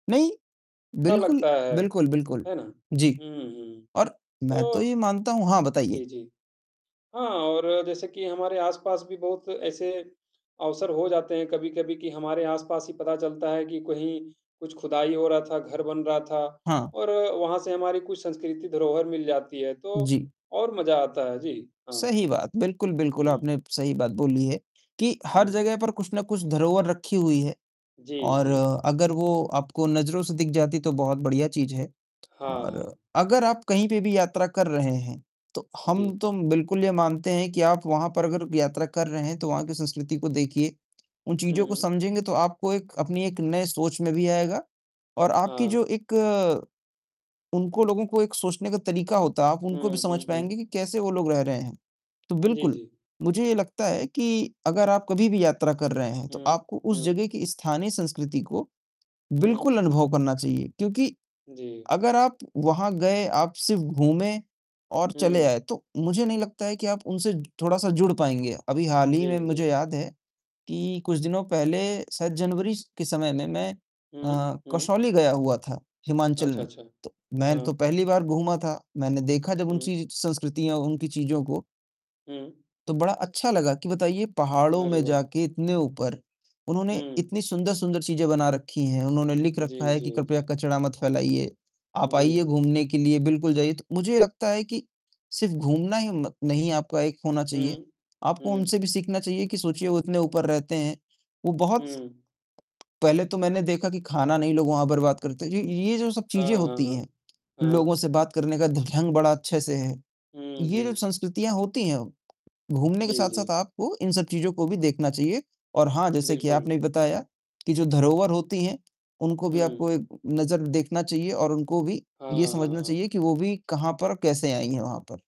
नहीं। अच्छा बिल्कुल, लगता है, बिल्कुल, बिल्कुल। है ना? जी, हुँ, हुँ। और मैं तो ये तो मानता हूँ हाँ जी, बताइए। जी। हाँ और जैसे कि हमारे आस-पास भी बहुत ऐसे अवसर हो जाते हैं कभी-कभी कि हमारे आसपास ही पता चलता है कि कहीं, कुछ खुदाई हो रहा था, घर बन रहा था हाँ। और वहाँ से हमारी कुछ संस्कृति धरोहर मिल जाती है तो जी। और मजा आता है। जी, हाँ। सही बात। बिल्कुल, बिल्कुल, हुँ। आपने सही बात बोली है कि हर हुँ। जगह पर कुछ न कुछ धरोहर रखी हुई है जी, और जी। अगर वो आपको नज़रों से दिख जाती तो बहुत बढ़िया चीज़ है हाँ, हाँ। और अगर आप कहीं पे भी यात्रा कर रहे हैं, तो हम जी। तो बिल्कुल ये मानते हैं कि आप वहाँ पर अगर यात्रा कर रहे हैं तो वहाँ की संस्कृति को देखिए, उन चीज़ों हुँ, को हुँ। समझेंगे तो आपको एक, अपनी एक नई सोच में भी आएगा और आपकी हाँ। जो एक उनको लोगों को एक सोचने का तरीका होता है, आप उनको भी हुँ, समझ हुँ, हुँ। पाएँगे कि कैसे वो लोग रह रहे हैं, तो जी, बिल्कुल, जी। मुझे ये लगता है कि अगर आप कभी भी यात्रा कर रहे हैं, तो हुँ, आपको उस हुँ। जगह की स्थानीय संस्कृति को हुँ। बिल्कुल अनुभव करना चाहिए क्योंकि जी। अगर आप वहाँ गए, आप सिर्फ़ घूमे और चले हुँ। आए तो मुझे नहीं लगता है कि आप उनसे थोड़ा-सा जुड़ पाएँगे। अभी हाल ही में जी, मुझे जी। याद है कि कुछ दिनों पहले शायद जनवरी के समय में मैं हुँ, अ, हुँ। कसौली गया हुआ था हिमाचल अच्छा, में, अच्छा। तो मैं तो हाँ। पहली बार घूमा था, मैंने देखा जब हुँ। उनकी संस्कृतियाँ, उनकी चीज़ों को हुँ। तो बड़ा अच्छा लगा कि बताइए पहाड़ों अरे में वाह! जाकर इतने ऊपर, उन्होंने हुँ। इतनी सुंदर-सुंदर चीजें बना रखी हैं, उन्होंने लिख रखा जी, है जी, कि कृपया जी। कचरा मत फैलाइए। आप आइए जी। घूमने के लिए बिल्कुल जाइए तो मुझे लगता है कि, सिर्फ़ घूमना ही नहीं आपका एक होना चाहिए, हुँ। आपको हुँ। उनसे भी सीखना चाहिए कि सोचिए वो इतने ऊपर रहते हैं। वो बहुत हुँ। पहले तो मैंने देखा कि खाना नहीं लोग वहाँ बर्बाद करते ये ये जो सब चीज़ें हाँ, हाँ, होती हाँ। हैं, हाँ। लोगों से बात करने का ढँग बड़ा अच्छे से है, हुँ, ये जो हुँ। संस्कृतियाँ होती हैं, घूमने के जी, साथ-साथ जी। आपको इन सब चीज़ों को भी देखना चाहिए और हाँ, जैसे कि बिल्कुल। आपने बताया, कि जो धरोहर होती हैं उनको भी आपको हुँ। एक नज़र देखना चाहिए और उनको भी हाँ, ये हाँ, समझना हाँ। चाहिए कि वो भी कहाँ पर कैसे आई हैं वहाँ पर।